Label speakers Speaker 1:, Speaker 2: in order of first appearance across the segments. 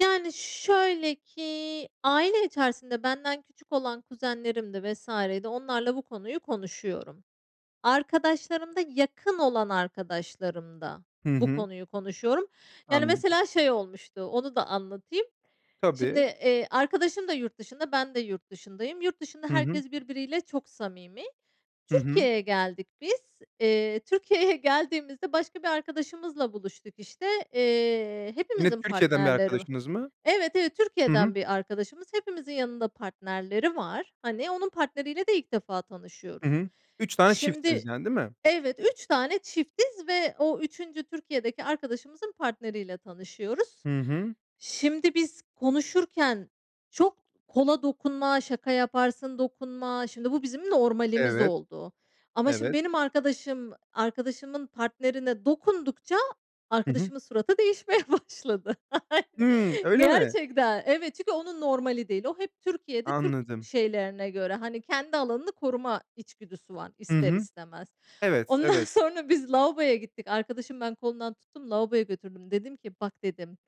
Speaker 1: Yani şöyle ki aile içerisinde benden küçük olan kuzenlerimdi vs. di onlarla bu konuyu konuşuyorum. Arkadaşlarımda yakın olan arkadaşlarımda
Speaker 2: Hı
Speaker 1: bu
Speaker 2: hı.
Speaker 1: konuyu konuşuyorum. Yani
Speaker 2: Anladım.
Speaker 1: mesela şey olmuştu onu da anlatayım. Şimdi,
Speaker 2: Tabii.
Speaker 1: eee, arkadaşım da yurt dışında ben de yurt dışındayım. Yurt dışında
Speaker 2: Hı hı.
Speaker 1: herkes birbiriyle çok samimi.
Speaker 2: Hı hı.
Speaker 1: Türkiye'ye geldik biz. Eee, Türkiye'ye geldiğimizde başka bir arkadaşımızla buluştuk, işte. Eee,
Speaker 2: Yine
Speaker 1: hepimizin
Speaker 2: Türkiye'den bir
Speaker 1: partnerleri va
Speaker 2: arkadaşınız mı?
Speaker 1: Evet, evet
Speaker 2: Hı hı.
Speaker 1: Türkiye'den bir arkadaşımız. Hepimizin yanında partnerleri var. Hani onun partneriyle de ilk defa
Speaker 2: Hı
Speaker 1: tanışıyoruz.
Speaker 2: hı. 3 tane çiftsiniz
Speaker 1: Şimdi
Speaker 2: yani, değil mi?
Speaker 1: Evet, 3 tane çiftiz ve o 3. Türkiye'deki arkadaşımızın partneriyle tanışıyoruz.
Speaker 2: Hı hı.
Speaker 1: Şimdi biz konuşurken çok kola dokunma, şaka yaparsın, dokunma Şimdi bu bizim normalimiz
Speaker 2: Evet.
Speaker 1: oldu. Ama şimdi
Speaker 2: Evet.
Speaker 1: benim arkadaşım, arkadaşımın partnerine dokundukça
Speaker 2: Hı hı.
Speaker 1: arkadaşımın suratı değişmeye başladı. Ayn
Speaker 2: Hıı, öyle mi?
Speaker 1: Gerçekten. Evet, çünkü onun normali değil. O hep Türkiye'de, Türk
Speaker 2: Anladım.
Speaker 1: şeylerine göre. Hani kendi alanını koruma içgüdüsü var,
Speaker 2: Hı
Speaker 1: ister
Speaker 2: hı.
Speaker 1: istemez.
Speaker 2: Evet,
Speaker 1: Ondan
Speaker 2: evet.
Speaker 1: sonra biz lavaboya gittik. Arkadaşımı ben kolundan tuttum lavaboya götürdüm. Dedim ki, "Bak" dedim,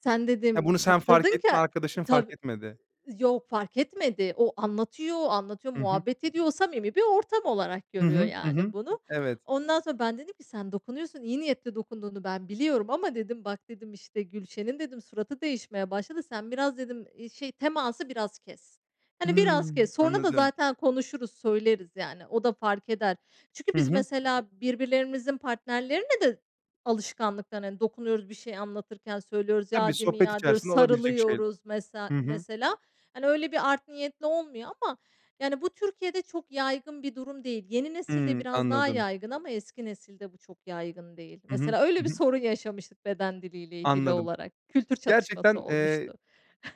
Speaker 1: "sen"
Speaker 2: Ha,
Speaker 1: dedim
Speaker 2: bunu sen fark
Speaker 1: "kaptırdın
Speaker 2: ettin,
Speaker 1: ke"
Speaker 2: arkadaşın fark
Speaker 1: Tabii.
Speaker 2: etmedi.
Speaker 1: Iıı, yok fark etmedi. O anlatıyor, anlatıyor,
Speaker 2: Hı hı.
Speaker 1: muhabbet ediyor. O samimi bir ortam olarak
Speaker 2: Hı
Speaker 1: görüyor
Speaker 2: hı. Hı
Speaker 1: yani
Speaker 2: hı.
Speaker 1: bunu.
Speaker 2: Evet.
Speaker 1: Ondan sonra ben dedim ki, "Sen dokunuyorsun, iyi niyetle dokunduğunu ben biliyorum ama" dedim "bak" dedim "işte, Gülşen'in" dedim, "suratı değişmeye başladı. Sen biraz" dedim, "iii şey teması biraz kes. Hani biraz
Speaker 2: Hıı,
Speaker 1: kes. Sonra da
Speaker 2: anladım.
Speaker 1: zaten konuşuruz, söyleriz yani o da fark eder." Çünkü
Speaker 2: Hı
Speaker 1: biz
Speaker 2: hı.
Speaker 1: mesela, birbirlerimizin partnerlerine de alışkanlıktan, hani, dokunuyoruz, bir şey anlatırken söylüyoruz,
Speaker 2: Tabii,
Speaker 1: "Ya, değil mi
Speaker 2: sohbet
Speaker 1: ya?" diyoruz,
Speaker 2: içerisinde olabilecek şeyler.
Speaker 1: sarılıyoruz mesela,
Speaker 2: Hı hı.
Speaker 1: mesela. Hani öyle bir art niyetli olmuyor ama yani bu Türkiye'de çok yaygın bir durum değil. Yeni nesilde
Speaker 2: Hıı,
Speaker 1: biraz daha
Speaker 2: anladım.
Speaker 1: yaygın ama eski nesilde bu çok yaygın değil.
Speaker 2: Hı hı,
Speaker 1: Mesela öyle
Speaker 2: hı
Speaker 1: bir
Speaker 2: hı.
Speaker 1: sorun yaşamıştık beden diliyle ilgili
Speaker 2: Anladım.
Speaker 1: olarak, kültür çatışması
Speaker 2: Gerçekten, eee,
Speaker 1: olmuştu.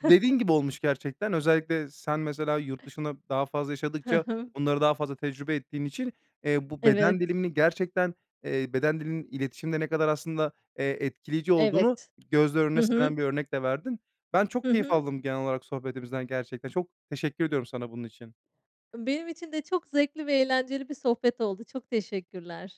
Speaker 2: dediğin gibi olmuş gerçekten. Özellikle sen, mesela, yurt dışında daha fazla
Speaker 1: Hı,
Speaker 2: yaşadıkça
Speaker 1: hımm.
Speaker 2: bunları daha fazla tecrübe ettiğin için, eee, bu
Speaker 1: Evet.
Speaker 2: beden dilini gerçekten, eee, beden dilinin iletişimde ne kadar aslında, eee, etkileyici olduğunu
Speaker 1: Evet,
Speaker 2: gözler
Speaker 1: hı
Speaker 2: önüne
Speaker 1: hı.
Speaker 2: seren bir örnek de verdin. Ben
Speaker 1: Hı
Speaker 2: çok keyif
Speaker 1: hı.
Speaker 2: aldım genel olarak sohbetimizden gerçekten. Çok teşekkür ediyorum sana bunun için.
Speaker 1: Benim için de çok zevkli ve eğlenceli bir sohbet oldu. Çok teşekkürler.